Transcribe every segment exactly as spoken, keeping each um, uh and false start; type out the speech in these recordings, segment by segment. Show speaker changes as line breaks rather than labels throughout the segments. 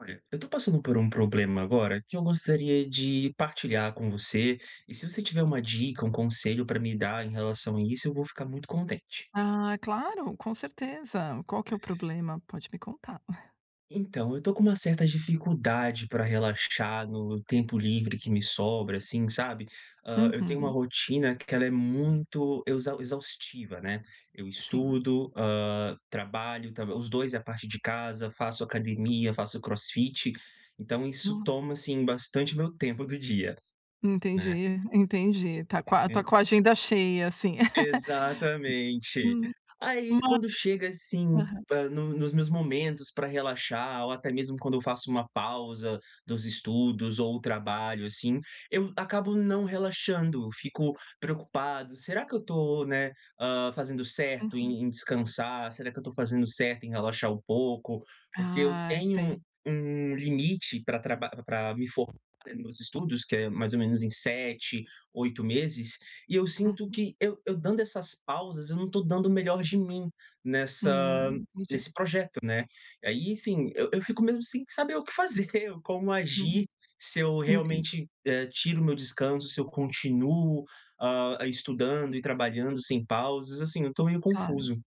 Olha, eu estou passando por um problema agora, que eu gostaria de partilhar com você. E se você tiver uma dica, um conselho pra me dar em relação a isso, eu vou ficar muito contente.
Ah, claro. Com certeza. Qual que é o problema? Pode me contar.
Então, eu estou com uma certa dificuldade pra relaxar no tempo livre que me sobra assim, sabe? Hã, eu tenho uma
Uhum.
rotina q que ela é muito exau exaustiva, né. Eu
Sim.
estudo, hã, trabalho tamb os dois a partir de casa. Faço academia, faço crossfit. Então, isso
Nossa.
toma, assim, bastante meu tempo do dia, né.
Entendi, entendi. Tá qua está
E
com a agenda cheia assim.
Exatamente.
Hum. Hã.
Aí, quando chega assim
Aham.
pra nu nos meus momentos pra relaxar ou, até mesmo, quando eu faço uma pausa dos estudos ou trabalho, assim, eu acabo não relaxando. Fico preocupado. "Será que eu tô, né, hã, fazendo certo
Uhum.
em em descansar? Será que eu estou fazendo certo em relaxar um pouco?" Porque eu
Ai,
tenho
sei.
um um limite pra traba pra me formar nos meus estudos, que é mais ou menos em sete, oito meses e eu sinto
Uhum.
que eu eu dando essas pausas, eu não estou dando o melhor de mim nessa
Hum. Entendi
nesse projeto, né? Aí, assim, eu eu fico mesmo sem saber o que fazer, como
Hum.
agir. Se eu
Entendi.
realmente, eh, tiro o meu descanso, se eu continuo, hã, a estudando e trabalhando sem pausas. Assim, eu estou meio
Claro.
confuso.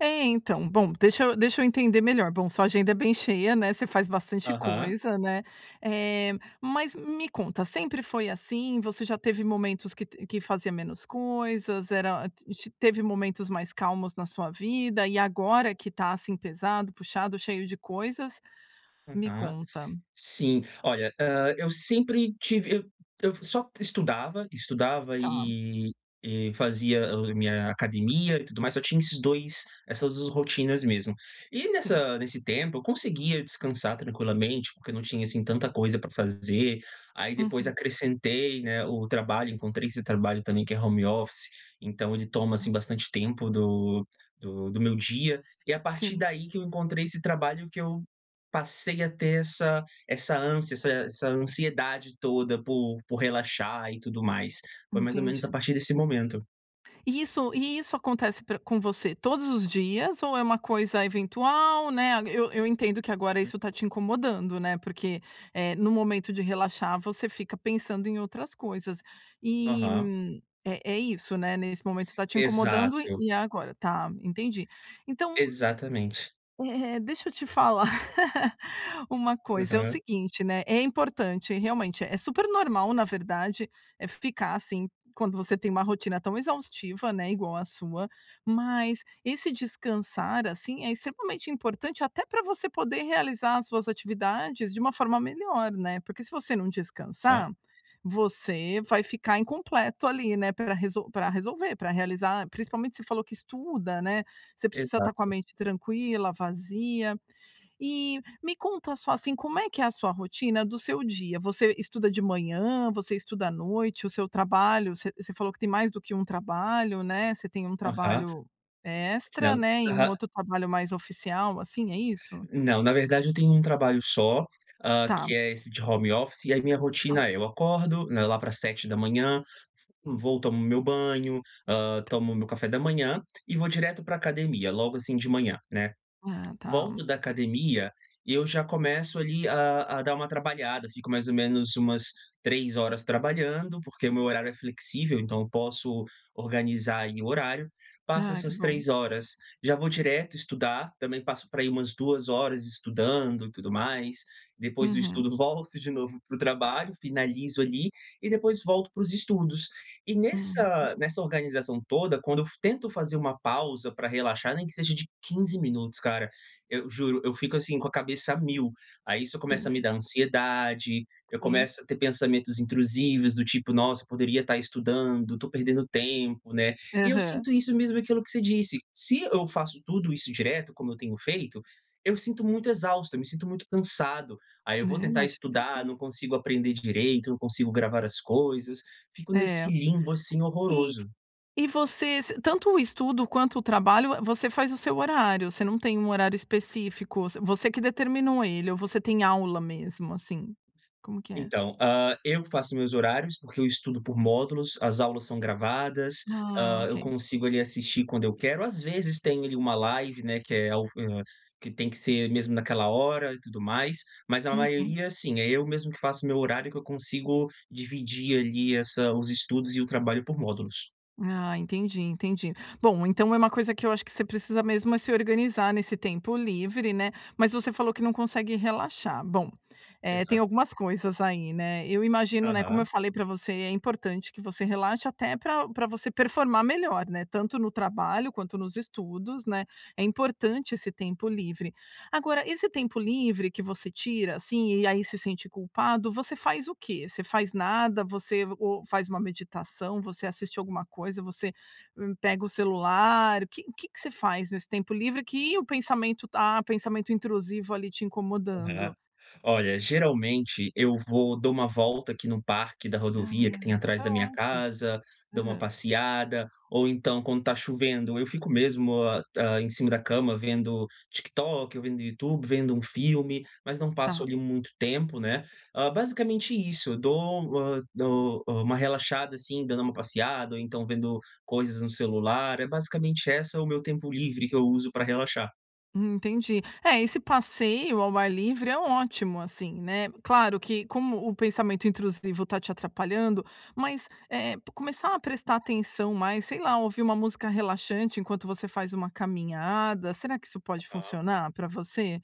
Eh, então bom, deixa eu deixa eu entender melhor. Bom, sua agenda é bem cheia, né. Você faz bastante
Aham.
coisa, né? Eh, mas me conta: Sempre foi assim? Você já teve momentos que t que fazia menos coisas? Era, hã, ti teve momentos mais calmos na sua vida e agora que tá assim pesado, puxado, cheio de coisas? Me
Aham.
conta.
Sim. Olha, hã, eu sempre tive eu eu só estudava. Estudava
Tá.
e e fazia o a minha academia e tudo mais. Só tinha esses dois essas rotinas mesmo. E
Sim.
nessa nesse tempo, eu conseguia descansar tranquilamente porque eu não tinha assim tanta coisa pra f fazer. Aí, depois,
Uhum.
acrescentei, né, o trabalho. Encontrei esse trabalho também, que é home office. Então, ele toma, assim, bastante tempo do do do meu dia. E a partir
Sim.
daí, que eu encontrei esse trabalho, que eu passei a ter essa essa ânsia essa essa ansiedade toda por por relaxar e tudo mais. Foi mais ou menos a
Entendi.
partir desse momento.
E isso e isso acontece pra com você todos os dias ou é uma coisa eventual, né. Eu eu entendo que agora
U
isso está te incomodando, né. Porque, eh, no momento de relaxar, você fica pensando em outras coisas. E
Aham.
é é isso, né. Nesse momento, está te incomodando e
Exato.
e a agora. Tá. Entendi. Então,
Exatamente.
u eh eh deixa eu te falar uma coisa: É o
Aham.
seguinte, né. É importante e realmente é super normal, na verdade, eh, ficar assim, quando você tem uma rotina tão exaustiva, né, igual a sua. Mas esse descansar assim é extremamente importante até pra você poder realizar as suas atividades de uma forma melhor, né? Porque se você não
Tá.
descansar, você vai ficar incompleto ali, né, pra resol pra resolver pra realizar, principalmente você falou que estuda, né? Você precisa estar com a
Exato.
mente tranquila, vazia. E me conta só, assim: Como é que é a sua rotina do seu dia? Você estuda de manhã, você estuda à noite? O seu trabalho Você você falou que tem mais do que um trabalho, né? Você tem um
Aham.
trabalho extra,
[unintelligible]
né? E um
Aham.
outro trabalho mais oficial assim, é isso?
Não. Na verdade, eu tenho um trabalho só, hã,
Tá.
que é esse de home office. E aí minha
Tá.
rotina é: eu acordo, né, lá pras sete da manhã, v vou, tomo meu banho, hã,
Tá.
tomo meu café da manhã e vou direto pra academia. Logo assim de manhã, né.
Ah, tá.
Volto da academia e eu já começo ali a a dar uma trabalhada. Fico mais ou menos umas três trabalhando, porque meu horário é flexível. Então, eu posso organizar aí o horário. Passo
Ah, que
essas
bom.
três horas, já vou direto estudar. Também passo por aí umas duas horas estudando e tudo mais. Depois do
Uhum.
estudo, volto de novo pro trabalho. Finalizo ali. E depois volto pros estudos. E
Hã.
nessa
Puxa.
nessa organização toda, quando eu fa tento fazer uma pausa pra relaxar, nem que seja de quinze minutos, cara. Eu juro, eu fico, assim, com a cabeça a mil. Aí, isso
Tem
começa a me dar
sempre
ansiedade. Eu
Sim.
começo a ter pensamentos intrusivos, do tipo: "Nossa, eu poderia estar estudando, tô perdendo tempo", né. E eu
Aham.
sinto isso mesmo aquilo que você disse: se eu faço tudo isso direto, como eu tenho feito, eu sinto muito exausto. Eu me sinto muito cansado. Aí,
É.
eu
Eu
vou tentar
imagino que
estudar,
sim.
não consigo aprender d direito. Não consigo gravar as coisas. Fico nesse
É.
limbo assim,
E
horroroso.
e você ce tanto o estudo, quanto o trabalho, hã, você faz o seu horário? Você não tem um horário específico? Vo você que determinou ele? Ou você tem aula mesmo, assim, como que é?
Então, hã, eu faço meus horários porque eu estudo por módulos. As aulas são gravadas.
Ah,
Hã, eu
ok.
consigo ali assistir quando eu quero. Às vezes, tem ali uma live, né, que é o hã, que tem que ser mesmo naquela hora e tudo mais. Mas a
Uhum.
maioria sim, é eu mesmo que faço o meu horário. Que eu consigo dividir ali essa os estudos e o trabalho por módulos.
Ah, entendi. Entendi. Bom, então, é uma coisa que eu acho que você precisa mesmo é se organizar nesse tempo livre, né. Mas você falou que não consegue relaxar. Bom, eh, tem
Exato.
algumas coisas aí, né. Eu imagino, né, como eu
Aham.
falei pra você: é importante que você relaxe até pra pra você performar melhor, né, tanto no trabalho, quanto nos estudos, né. É importante esse tempo livre. Agora, esse tempo livre que você tira, assim, e aí se sente culpado, você faz o quê? Você faz nada? Você e ou faz uma meditação? Você assiste alguma coisa? Você, hã, pega o celular? Que que você faz nesse tempo livre que o pensamento tá o pensamento intrusivo ali te
Aham.
incomodando?
Olha, geralmente eu vou dou uma volta aqui no parque da
Ah,
rodovia, que tem atrás
tá
da minha
ótimo.
casa. Dou uma
Aham.
passeada. Ou, então, quando está chovendo, eu fico mesmo hã, hã, em cima da cama vendo TikTok, ou vendo Youtube, vendo um filme. Mas não passo
Tá.
ali muito tempo, né. Hã, basicamente isso. Eu dou, hã dou, hã, uma relaxada assim dando uma passeada ou então vendo coisas no celular. É basicamente essa o meu tempo livre que eu uso pra relaxar.
Hum, entendi. É, esse passeio ao ar livre é ótimo, assim, né. Claro que, como o pensamento intrusivo está te atrapalhando mas, eh eh, começar a prestar atenção mais, sei lá, ouvir uma música relaxante enquanto você faz uma caminhada. Será que isso pode
Aham.
funcionar pra você?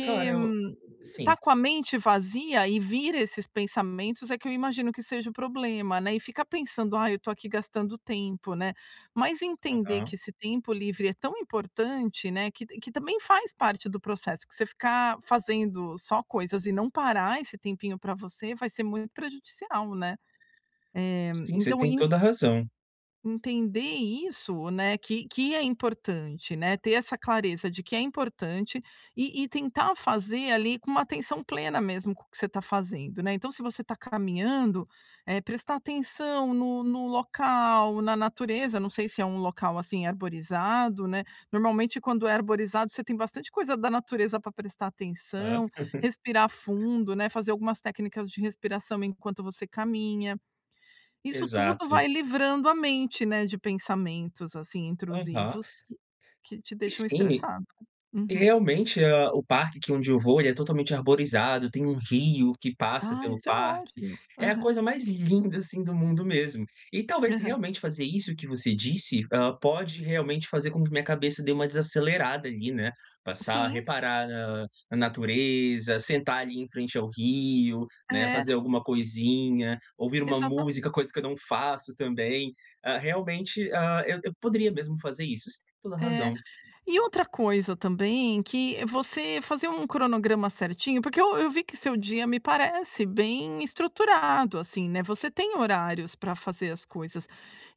Cara, eu
hum, estar
sim.
com a mente vazia e vir esses pensamentos, é que eu imagino que seja o problema, né. E ficar pensando: "Ai, eu estou aqui gastando tempo", né. Mas entender que
Aham.
esse tempo livre é tão importante, né, que t que também faz parte do processo, que você ficar fazendo só coisas e não parar esse tempinho pra você, vai ser muito prejudicial, né. Eh,
Sim, você
então
tem
en
toda a razão.
entender isso, né, que que é importante, né. Ter essa clareza de que é importante, e e tentar fazer, ali, com uma atenção plena mesmo com o que você está fazendo, né. Então se você está caminhando, eh, prestar atenção no no local, na natureza não sei se é um local, assim, arborizado, né. Normalmente quando é arborizado, você tem bastante coisa da natureza pra prestar
Hã.
atenção. Respirar fundo, né, fazer algumas técnicas de respiração enquanto você caminha. Isso tudo
Exato.
vai livrando a mente, né, de pensamentos, assim,
Aham.
intrusivos que que te deixam
Sim, e
estressado.
e
Uhum.
realmente, hã, o parque que onde eu vou e é totalmente arborizado, tem um rio que passa
Ah,
pelo
isso é
parque.
ótimo.
É a
Aham.
coisa mais linda, assim, do mundo mesmo. E talvez se
Aham.
realmente fazer isso que você disse, ah, pode realmente fazer com que minha cabeça dê uma desacelerada ali, né. Passar a
Sim.
reparar, ah, a natureza, sentar ali em frente ao rio, né,
É.
fazer alguma coisinha, ouvir uma
Exatamen
música, coisa que eu não faço também. Ah, realmente, ah, eu eu poderia mesmo fazer isso, você tem toda
É.
razão.
E outra coisa também, que você fazer um cronograma certinho, porque eu eu vi que seu dia me parece bem estruturado, assim, né, você tem horários pra fazer as coisas.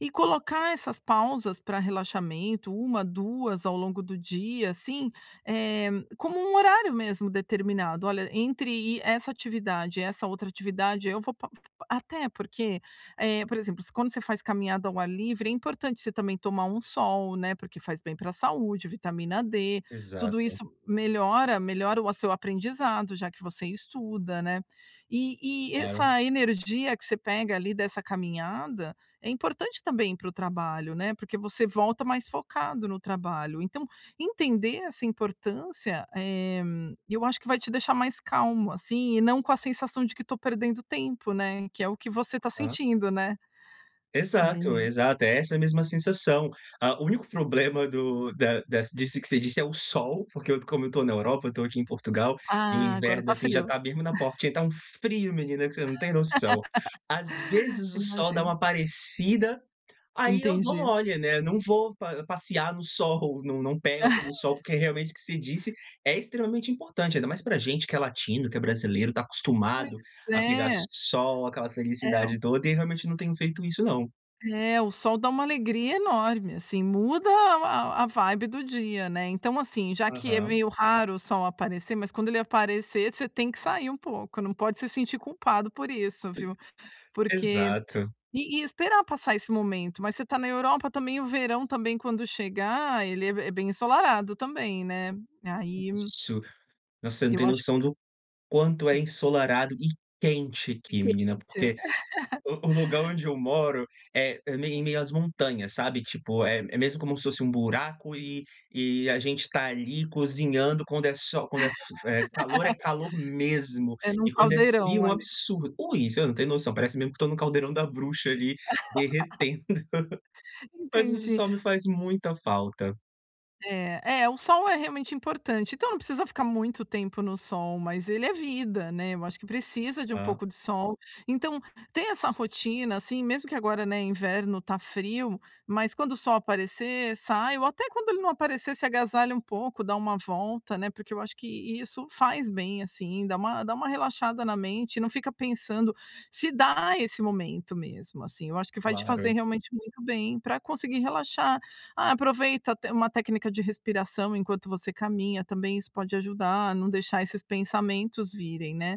E colocar essas pausas pra relaxamento, uma, duas ao longo do dia, assim, eh, como um horário mesmo, determinado: "Olha, entre i essa atividade e essa outra atividade, eu vou pa pa" até porque, eh, por exemplo, se quando você faz caminhada ao ar livre, é importante você também tomar um sol, né, porque faz bem pra saúde, vitamina D. Tudo
Exato.
isso melhora melhora o a seu aprendizado, já que você estuda, né. E e
Claro.
essa energia que você pega, ali, dessa caminhada, é importante também para o trabalho, né, porque você volta mais focado no trabalho. Então, entender essa importância, eh, eu acho que vai te deixar mais calmo, assim, e não com a sensação de que estou perdendo tempo, né. Que é o que você está
Hã.
sentindo, né? É
Exato, exato, é essa a mesma sensação. Ah, o único problema do da dessa disso que você disse é o sol, porque como eu estou na Europa, eu estou aqui em Portugal, e o
Ah, agora
inverno,
está
assim, já
frio.
está mesmo na porta, que tá um frio menina, que você não tem noção. Às vezes
Eu
o sol dá uma
imagino.
aparecida, aí eu dou
Entendi.
mole, né, não vou pa passear no sol, não não pego aquele sol, porque realmente o que você disse é extremamente importante, ainda mais pra gente que é latino, que é brasileiro, está
Pois
acostumado a pegar
é.
sol, aquela
É o
felicidade toda, e realmente não tenho feito isso não.
É, o sol dá uma alegria enorme, assim. Muda a a a vibe do dia, né. Então assim, já que é
Aham.
meio raro o sol aparecer mas quando ele aparecer, você tem que sair um pouco, não pode se sentir culpado por isso, viu. Porque
Exato.
e esperar passar esse momento. Mas você está na Europa também, o verão também quando chegar, ele é be bem ensolarado também, né. Aí
Isso. Nossa, você não
Eu
tem
acho que
noção do quanto é ensolarado e quente aqui
Entendi.
menina, porque o o lugar onde eu moro é é meio em meio às montanhas, sabe? Tipo, é é mesmo como se fosse buraco, e e a gente está ali cozinhando quando é sol quando é f f é calor, é calor mesmo,
É num
e quando é frio,
caldeirão,
é um
ali.
absurdo ui, você não tem noção, parece mesmo que estou no caldeirão da bruxa ali, derretendo. Mas esse
Entendi.
sol me faz muita falta.
É. É, o sol é realmente importante, então não precisa ficar muito tempo no sol, mas ele é vida, né. Eu acho que precisa de um
Hã.
pouco de sol. Então, ter essa rotina, assim, mesmo que agora, né, inverno tá frio, mas quando o sol aparecer, sai, ou até quando ele não aparecer, se agasalha um pouco, dá uma volta, né, porque eu acho que isso faz bem, assim, dá uma dá uma relaxada na mente, e não fica pensando se dar esse momento, mesmo, assim. Eu acho que vai te fazer
Claro.
realmente muito bem, pra conseguir relaxar. Ah, aproveita até uma técnica de respiração enquanto você caminha também, isso pode ajudar a não deixar esses pensamentos virem, né.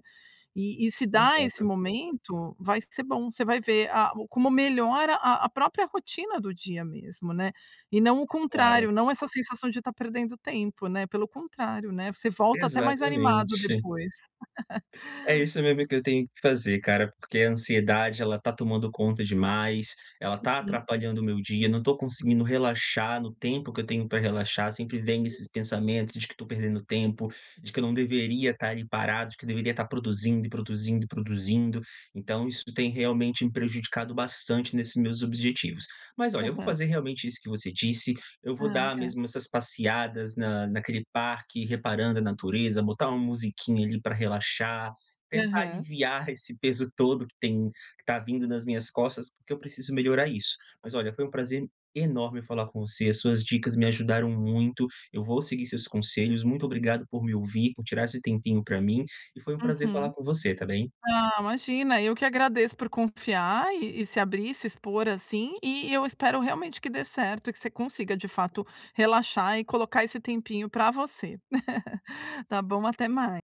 E e se dar esse
Exato.
momento, vai ser bom. Você vai ver, a o como melhora a a própria rotina do dia mesmo, né. E não o
Claro.
contrário, não essa sensação de estar perdendo tempo, né, pelo contrário, né, você volta até mais animado
Exatamente.
depois.
É isso mesmo que eu tenho que fazer cara, porque a ansiedade ela está tomando conta demais, ela tá
Uhum.
atrapalhando o meu dia, não estou conseguindo relaxar no tempo que eu tenho pra relaxar, sempre vem esses pensamentos de que estou perdendo tempo, de que eu não deveria estar ali parado, de que deveria estar produzindo e produzindo e produzindo. Então isso tem realmente me prejudicado bastante nesses meus objetivos. Mas olha, eu vou
Aham.
fazer realmente isso que você disse, eu vou
Ah,
dar
legal.
mesmo essas passeadas na naquele parque, reparando a natureza, botar uma musiquinha, ali, pra relaxar. Tentar
Aham.
aliviar esse peso todo que tem que tá vindo nas minhas costas, porque eu preciso melhorar isso. Mas olha, foi um prazer enorme falar com você, as suas dicas me ajudaram muito, eu vou seguir os seus conselhos, muito obrigado por me ouvir, por tirar esse tempinho pra mim, e foi um prazer
Uhum.
falar com você, tá bem.
Ah, imagina, eu que agradeço por confiar, e e se abrir, e se expor assim, e eu espero realmente que dê certo e que você consiga de fato relaxar, e colocar esse tempinho pra você. Tá bom, até mai